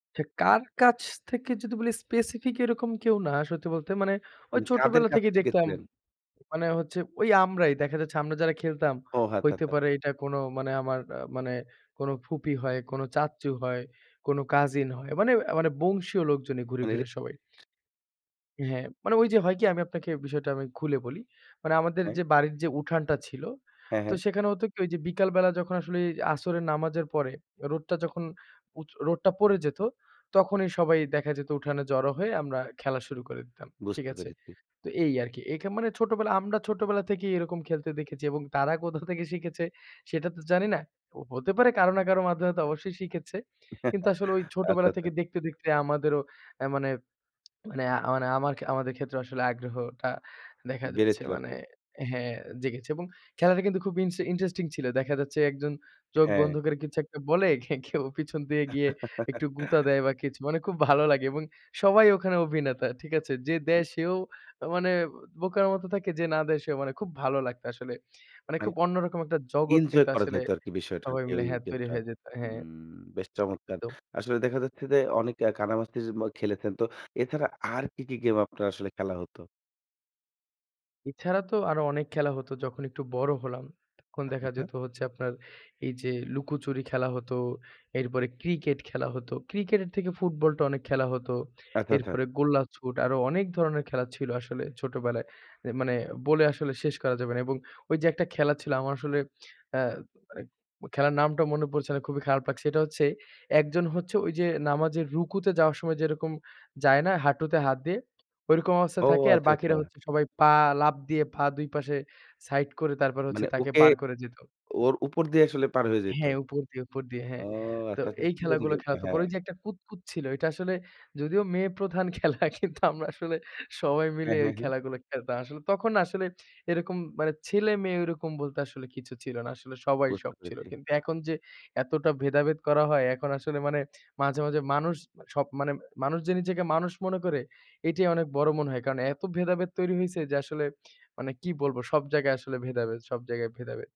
আচ্ছা, কার কাছ থেকে যদি বলি স্পেসিফিক এরকম কেউ না। সত্যি বলতে মানে উ ওই কাদের ছোটবেলা কাছে থেকেই দেখতাম, শিখেছিলেন? মানে হচ্ছে ঐ আমরাই দেখা যাচ্ছে আমরা যারা খেলতাম ও হ্যাঁ। হইতে আচ্ছা, আচ্ছা। পারে এইটা কোনো মানে আমার অ্যা মানে কোনো ফুপি হয়, কোনো চাচ্চু হয়, কোনো কাজিন হয়। মানে এ মানে বংশীয় লোকজনই ঘুরে মানে রে ফিরে সবাই। ...হ্যাঁ, মানে ওইযে হয় কি আমি আপনাকে বিষয়টা আমি খুলে বলি। মানে আমাদের হ্যাঁ। যে বাড়ির যে উঠানটা ছিল হ্যাঁ, তো হ্যাঁ। সেখানে হতো কি ওইযে বিকালবেলা যখন আসলে আসরের নামাজের পরে রোডটা যখন উচ রোডটা পড়ে যেত, তখনই সবাই দেখা যেত উঠানে জড়ো হয়ে আমরা খেলা শুরু করে দিতাম। ঠিক বুঝতে আছে? পেরেছি। তো এই আরকি। এখেম মানে ছোটবেলা আমরা ছোটবেলা থেকেই এরকম খেলতে দেখেছি এবং তারা কোথা থেকে শিখেছে সেটা তো জানি না। হতে পারে কারো না কারো মাধ্যমে তো অবশ্যই শিখেছে। কিন্তু আসলে ওই আচ্ছা, ছোটবেলা আচ্ছা। থেকে দেখতে, দেখতে আমাদেরও অ্যা মানে, মানে আমান আমার আমাদের ক্ষেত্রে আসলে আগ্রহটা দেখা যাচ্ছে, বেড়েছিল মানে আরকি। হ্যাঁ জেগেছে। এবং খেলাটা কিন্তু খুব ইন্স ইন্টারেস্টিং ছিল। দেখা যাচ্ছে একজন চোখ হ্যাঁ। বন্ধ করে কিছু একটা বলে কেউ পিছন দিয়ে গিয়ে একটু গুতা দেয় বা কিছু। মানে খুব ভালো লাগে এবং সবাই ওখানে অভিনেতা। ঠিক আছে? যে দেয় সেও মানে বোকার মতো থাকে যে না দেয় সেও। মানে খুব ভালো লাগতো আসলে। মানে মানে খুব অন্যরকম একটা জগৎ এনজয় কিন্তু করা আসলে যেত আরকি বিষয়টা সবাই মিলে ওই হ্যাঁ তৈরি গেমটা হয়ে যেত। হ্যাঁ। উম বেশ চমৎকার! তো আসলে দেখা যাচ্ছে যে অনেকে কানামাছির ম খেলেছেন। তো এছাড়া আর কি, কি গেম আপনার আসলে খেলা হতো? এছাড়া তো আরো অনেক খেলা হত। যখন একটু বড় হলাম। তখন আচ্ছা, দেখা আচ্ছা। যেত হচ্ছে আপনার এইযে লুকোচুরি খেলা হতো। এরপরে ক্রিকেট খেলা হতো। ক্রিকেটের থেকে ফুটবলটা অনেক খেলা হত। আচ্ছা, আচ্ছা। এরপরে গোল্লাছুট আরো অনেক ধরনের খেলা ছিল আসলে ছোটবেলায়। এ মানে বলে আসলে শেষ করা যাবে না। এবং ওইযে একটা খেলা ছিল আমার আসলে অ্যা মানে খেলার নামটা মনে পড়ছে না। খুবই খারাপ লাগছে। এটা হচ্ছে একজন হচ্ছে ঐ যে নামাজের রুকুতে যাওয়ার সময় যেরকম যায় না, হাঁটুতে হাত দিয়ে? ঐরকম অবস্থায় ও থাকে। আর আচ্ছা, বাকিরা আচ্ছা। হচ্ছে সবাই পা লাফ দিয়ে পা ২ পাশে সাইড করে তারপর হচ্ছে মানে তাকে ওকে, বার করে যেত ওর উপর দিয়ে আসলে পার হয়ে যাইত? হ্যাঁ উপর দিয়ে উপর দিয়ে। ও হ্যাঁ। তো আচ্ছা, আচ্ছা এই কি জানি খেলাগুলো গেমটা খেলাত। পরে হ্যাঁ। যে একটা কুতকুত ছিল। ওইটা আসলে যদিও মেয়ে প্রধান খেলা কিন্তু আমরা আসলে সবাই মিলে হ্যাঁ, এই হ্যাঁ, হ্যাঁ। খেলাগুলা খেলতাম। আসলে তখন আসলে এরকম মানে ছেলে-মেয়ে ওরকম বলতে আসলে কিছু ছিল না। আসলে সবাই বুঝতে সব ছিল। পেরেছি। কিন্তু এখন যে এতটা ভেদাভেদ করা হয় এখন আসলে মানে মাঝে, মাঝে মানুষ সব মানে মানুষ যে নিজেকে মানুষ মনে করে এটাই অনেক বড় মনে হয়। কারণ এত ভেদাভেদ তৈরি হইছে যে আসলে মানে কি বলব সব জায়গায় আসলে ভেদাভেদ। সব জায়গায় ভেদাভেদ।